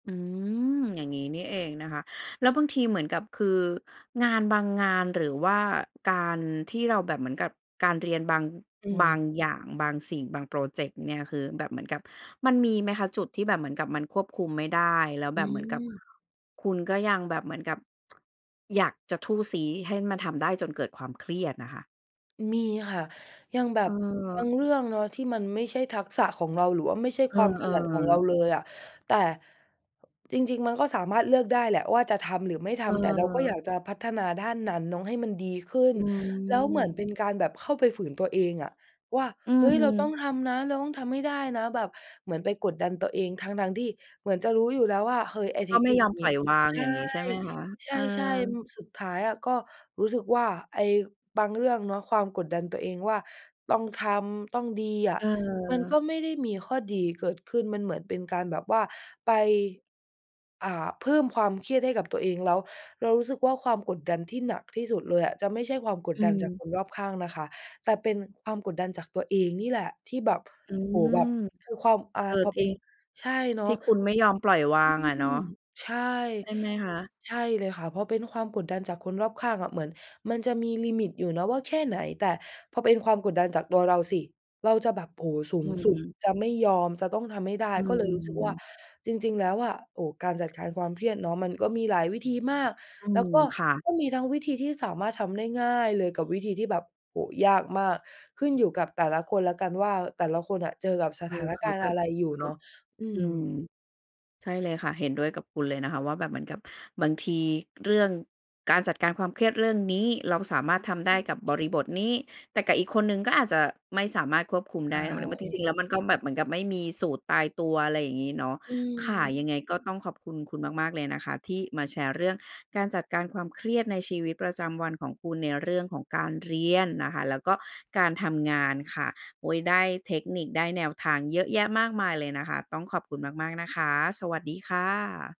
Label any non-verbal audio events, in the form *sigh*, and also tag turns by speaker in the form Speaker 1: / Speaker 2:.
Speaker 1: อืม อย่างงี้นี่เองนะคะ แล้วบางทีเหมือนกับ คืองานบางงาน หรือว่าการที่เราแบบเหมือนกับการเรียนบาง
Speaker 2: อื
Speaker 1: บาง
Speaker 2: ม
Speaker 1: อย่าง บางสิ่ง บางพรอเจกต์เนี่ย คือแบบเหมือนกับมันมีไหมคะ จุดที่แบบเหมือนกับมันควบคุมไม่ได้ แล้ว
Speaker 2: อ
Speaker 1: แ
Speaker 2: ื
Speaker 1: บบเหมือนกับ
Speaker 2: ม
Speaker 1: คุณก็ยังแบบเหมือนกับ *tsk* อยากจะทู่ซี้ให้มันทำได้ จนเกิดความเครียดน่ะค่ะ?
Speaker 2: มีค่ะ อย่างแบบบ
Speaker 1: เออ
Speaker 2: างเรื่องเนาะที่มันไม่ใช่ทักษะของเรา หรือว่าไม่ใช่
Speaker 1: เออ
Speaker 2: ความถนัดของเรา
Speaker 1: ๆ
Speaker 2: เลยอะ แต่จริง ๆ มันก็สามารถเลือกได้แหละว่า จะทำหรือไม่ทำ แต่เราก็อ
Speaker 1: เออ
Speaker 2: ยากจะพัฒนาด้านนั้นเนาะให้มันดีขึ้
Speaker 1: อ
Speaker 2: น
Speaker 1: ื
Speaker 2: แล้วเหมือน
Speaker 1: ม
Speaker 2: เป็นการแบบเข้าไปฝืนตัวเองอะ ว่า
Speaker 1: อื
Speaker 2: เฮ้ย เราต้อง
Speaker 1: ม
Speaker 2: ทำนะ เราต้องทำให้ได้นะ แบบเหมือนไปกดดันตัวเองทั้ง ๆ ที่เหมือนจะรู้อยู่แล้วว่า เฮ้ย
Speaker 1: แล
Speaker 2: ไอ
Speaker 1: ้
Speaker 2: ้
Speaker 1: ว
Speaker 2: เ
Speaker 1: ก
Speaker 2: ท
Speaker 1: ็
Speaker 2: ค
Speaker 1: ไม่
Speaker 2: นิ
Speaker 1: ย
Speaker 2: ค
Speaker 1: อม
Speaker 2: หน
Speaker 1: ปล
Speaker 2: ิ
Speaker 1: ่อยวาง
Speaker 2: ใช
Speaker 1: อย
Speaker 2: ่
Speaker 1: ่างงี้ใช่ไหมคะ
Speaker 2: ใ
Speaker 1: เออ
Speaker 2: ช่ ๆ อืม สุดท้ายอะ ก็รู้สึกว่า ไอ้บางเรื่องเนาะ ความกดดันตัวเองว่า ต้องทำ ต้องดีอะ มัน
Speaker 1: เออ
Speaker 2: ก็ไม่ได้มีข้อดีเกิดขึ้น มันเหมือนเป็นการแบบว่าไป อ่า เพิ่มความเครียดให้กับตัวเอง แล้วเรารู้สึกว่า ความกดดันที่หนักที่สุดเลยอะ จะไม่ใช่ความก
Speaker 1: อ
Speaker 2: ดดันจากค
Speaker 1: ืม
Speaker 2: นรอบข้างนะคะ แต่เป็นความกดดันจากตัวเองนี่แหละที่แบบ
Speaker 1: อื
Speaker 2: โอ้โฮ
Speaker 1: ม
Speaker 2: แบบ คือความ อ่า
Speaker 1: เออ
Speaker 2: พอเ
Speaker 1: จ
Speaker 2: ป
Speaker 1: ร
Speaker 2: ็
Speaker 1: ิ
Speaker 2: น
Speaker 1: ง
Speaker 2: ใช่เนา
Speaker 1: ที่
Speaker 2: ะ
Speaker 1: คุณไม่ยอมปล่อยวาง
Speaker 2: อื
Speaker 1: อะเนาะ
Speaker 2: ม ใช่
Speaker 1: ใช่ไหมคะ
Speaker 2: ใช่เลยค่ะ พอเป็นความกดดันจากคนรอบข้างอะ เหมือนมันจะมีลิมิตอยู่เนาะว่าแค่ไหน แต่พอเป็นความกดดันจากตัวเราสิ เราจะแบบ โอ้โฮ สู
Speaker 1: อ
Speaker 2: งสุด
Speaker 1: ืม
Speaker 2: จะไม่ยอม จะต้องทำให้ได้
Speaker 1: อื
Speaker 2: ก็เลยรู้สึกว่า
Speaker 1: ม
Speaker 2: จริง ๆ แล้วอะ โอ้ การจัดการความเครียดเนาะ มันก็มีหลายวิธีมาก
Speaker 1: อื
Speaker 2: แล้ว
Speaker 1: ม
Speaker 2: ก็
Speaker 1: ค่ะ
Speaker 2: ก็มีทั้งวิธีที่สามารถทำได้ง่ายเลย กับวิธีที่แบบ โอ้โฮ ยากมาก ขึ้นอยู่กับแต่ละคนแล้วกันว่า แต่ละคนอะเจอกับส
Speaker 1: เอ
Speaker 2: ถา
Speaker 1: อ
Speaker 2: น
Speaker 1: เข
Speaker 2: ก
Speaker 1: า
Speaker 2: ารณ
Speaker 1: จ
Speaker 2: ์
Speaker 1: ะ
Speaker 2: อะไรอยู่
Speaker 1: เข
Speaker 2: เ
Speaker 1: า
Speaker 2: นาะ อื
Speaker 1: อืม
Speaker 2: ม
Speaker 1: ใช่เลยค่ะ เห็นด้วยกับคุณเลยนะคะว่าแบบเหมือนกับบางทีเรื่องการจัดการความเครียดเรื่องนี้ เราสามารถทำได้กับบริบทนี้ แต่กับอีกคนหนึ่งก็อาจจะไม่สามารถควบคุม
Speaker 2: ใช
Speaker 1: ได้ แล้วมัน แล้วมันจริง ๆ แ
Speaker 2: ่
Speaker 1: ล้ว มันก็แบบเหมือนกับไม่มีสูตรตายตัว อะไรอย่างงี้เนาะ
Speaker 2: อ
Speaker 1: ค่ะ
Speaker 2: ืม
Speaker 1: ยังไงก็ต้องขอบคุณคุณมาก ๆ เลยนะคะ ที่มาแชร์เรื่องการจัดการความเครียดในชีวิตประจำวันของคุณ ในเรื่องของการเรียนนะคะ แล้วก็การทำงานค่ะ โอ๊ย ได้เทคนิค ได้แนวทางเยอะแยะมากมายเลยนะคะ ต้องขอบคุณมาก ๆ นะคะ สวัสดีค่ะ